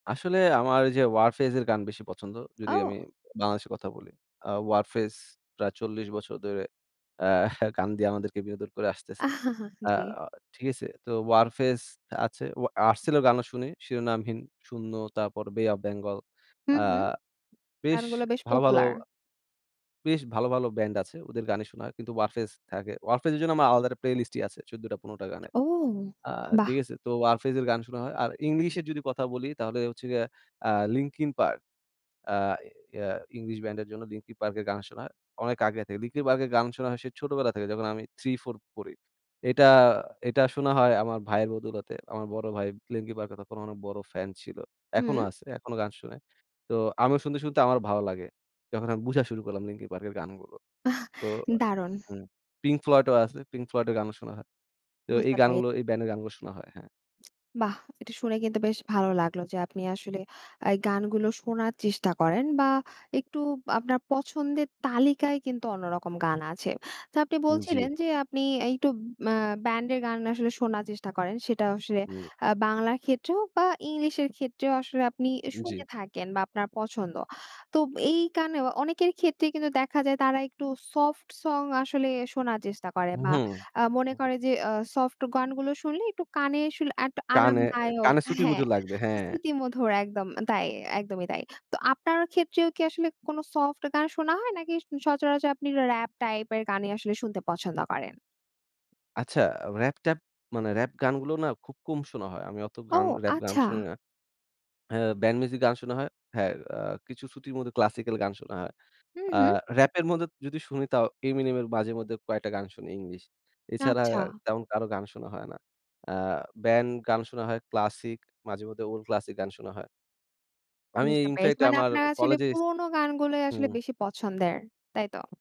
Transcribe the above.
আসলে আমার এইযে Warfaze এর গান বেশি পছন্দ যদি আমি ও। উ বাংলাদেশের কথা বলি। আ Warfaze প্রায় ৪০ বছর ধরে আহ গান দিয়ে আমাদেরকে বিনোদন করে আসতেছে। আ জ্বী। ঠিক আছে? তো Warfaze আছে। ও Artcell এর গানও শুনি, শিরোনামহীন, শূন্য তারপর Bay of Bengal হুম, আ হুম। বেশ গানগুলো বেশ ভালো, ভালো popular। বেশ ভালো, ভালো ব্যান্ড আছে। ওদের গানই শোনা হয়। কিন্তু Warfaze থাকে। Warfaze এর জন্য আমার আলাদা একটা playlist ই আছে। ১৪ টা, ১৫ টা গানের। ও, আ বাহ! ঠিক আছে? তো Warfaze এর গান শোনা হয়। আর ইংলিশের যদি কথা বলি তাহলে হচ্ছে গিয়ে আ Linking Park। আ ইয়ে ইংলিশ ব্যান্ডের জন্য Linking Park এর গান শোনা হয়। অনেক আগে থেকে। Linking Park এর গান শোনা হয় সে ছোটবেলা থেকে যখন আমি 3, 4 পড়ি। এটা এটা শোনা হয় আমার ভাইয়ের বদৌলতে। আমার বড় ভাই Linking Park এর তখন অনেক বড় ফ্যান ছিল। এখনো হুম। আছে। এখনো গান শোনে। তো আমিও শুনতে, শুনতে আমারও ভাল লাগে। যখন আমি বুঝা শুরু করলাম Linking Park এর গানগুলো। আহ তো আ দারুণ। হুম, Pink Floyd ও আছে, Pink Floyd এর গানও শোনা হয়। তো এই বুঝতে পেরে। গানগুলো, এই ব্যান্ডের গানগুলো শোনা হয়। হ্যাঁ। বাহ! এটা শুনে কিন্তু বেশ ভালো লাগলো যে, আপনি আসলে আ গানগুলো শোনার চেষ্টা করেন বা একটু আপনার পছন্দের তালিকায় কিন্তু অন্যরকম গান আছে। তো আপনি বলছিলেন জ্বি। যে, আপনি আ একটু মা ব্যান্ডের গান আসলে শোনার চেষ্টা করেন সেটা আসলে হুম। আ বাংলার ক্ষেত্রেও বা ইংলিশের ক্ষেত্রেও আসলে আপনি এ জ্বি। শুনে থাকেন বা আপনার পছন্দ। তোব এই গানেও অনেকের ক্ষেত্রে কিন্তু দেখা যায় তারা একটু soft song আসলে শোনার চেষ্টা করে হু, বা হুম। আ মনে হুম। করে যে, আ soft গানগুলো শুনলে একটু কানে আসলে একটু কানে এ আরামদায়ক কানে হ্যাঁ, শ্রুতিমধুর লাগবে, হ্যাঁ। স্মৃতিমধুর। একদম আ তাই, একদমই তাই। তো আপনার ক্ষেত্রেও কি আসলে কোনো soft গান শোনা হয় নাকি স সচারাচর আপনি rap type এর গানই আসলে শুনতে পছন্দ করেন? আচ্ছা। rap ট্যাপ মানে rap গানগুলো না খুব কম শোনা হয়। আমি অত ও, গান rap গান শুনি আচ্ছা। না। আ ব্যান্ড মিউজিক গান শোনা হয়। হ্যাঁ, আ কিছু শ্রুতির মধুর classical গান শোনা হয়। হু, আ হুম। rap এর মধ্যে যদি শুনি তাও Amini এর মাঝেমধ্যে কয়েকটা গান শুনি ইংলিশ। এছাড়া আচ্ছা। তেমন কারো গান শোনা হয় না। আ ব্যান্ড গান শোনা হয়, classic, মাঝেমধ্যে old classic গান শোনা হয়। আমি ই বুঝতে পেরেছি। infact মানে আমার আপনার আসলে কলেজে এস পুরনো গানগুলোই আসলে হুম। বেশি পছন্দের, তাই তো?